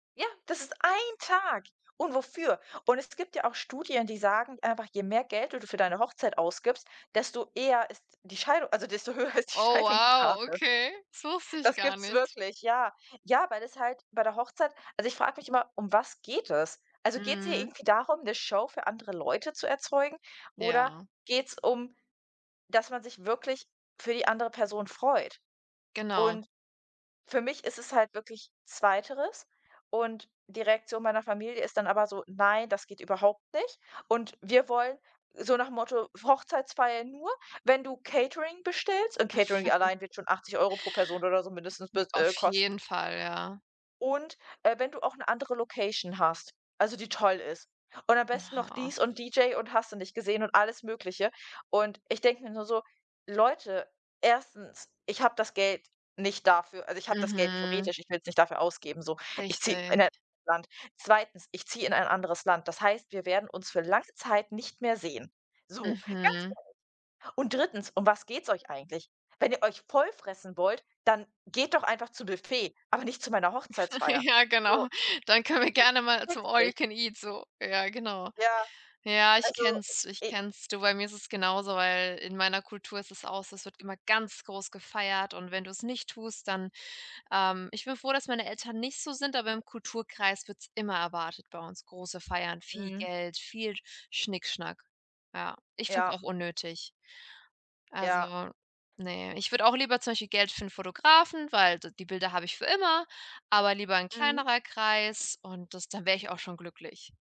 Ja, das ist ein Tag. Und wofür? Und es gibt ja auch Studien, die sagen einfach, je mehr Geld du d für deine Hochzeit ausgibst, desto eher ist die Scheidung also desto höher ist die Oh, wow, Scheidungsrate. okay, das wusste ich Das gar gibt's nicht. wirklich, ja. Ja, weil das halt bei der Hochzeit also ich frage mich immer, um was geht es? Also geht's hier Mhm. irgendwie darum, 'ne Show für andere Leute zu erzeugen oder Ja. geht's um, dass man sich wirklich für die andere Person freut? Genau. Und für mich ist es halt wirklich zweiteres. Und die Reaktion meiner Familie ist dann aber so: „Nein, das geht überhaupt nicht. Und wir wollen“, so nach Motto, „Hochzeitsfeier nur, wenn du Catering bestellst“, und Catering allein wird schon 80 € pro Person oder so mindestens M bis auf äh, kosten jeden Fall, ja. und, äh, wenn du auch 'ne andere Location hast, also die toll ist. Und am besten noch Ha. dies und DJ und hast du nicht gesehen und alles Mögliche. Und ich denke mir nur so: „Leute. 1.: Ich habe das Geld nicht dafür. Also, ich habe das Geld Mhm. theoretisch, ich will's nicht dafür ausgeben, so. Ich ziehe Richtig. in 'nen [unintelligible] Land. 2.: Ich ziehe in ein anderes Land. Das heißt, wir werden uns für lange Zeit nicht mehr sehen.“ So, ganz Mhm. ehrlich. „Und 3.: Um was geht's euch eigentlich? Wenn ihr euch voll fressen wollt, dann geht doch einfach zu Büffet, aber nicht zu meiner Hochzeitsfeier.“ Ja, So, genau. Dann können wir äh, ich gerne mal zum checks nicht. All-you-can-eat so. Ja, genau. Ja, Ja, ich also, kenne es, ich i kenne es. Du, bei mir ist es genauso, weil in meiner Kultur ist es auch so, es wird immer ganz groß gefeiert und wenn du's nicht tust, dann, ähm ich bin froh, dass meine Eltern nicht so sind, aber im Kulturkreis wird's immer erwartet bei uns, große Feiern, viel Mhm. Geld, viel Schnickschnack. Ja, ich finde es Ja. auch unnötig. Ja. Also, ne, ich würde auch lieber zum Beispiel Geld für 'n Fotografen, weil d die Bilder habe ich für immer, aber lieber 'n Mhm. kleinerer Kreis und das dann wäre ich auch schon glücklich.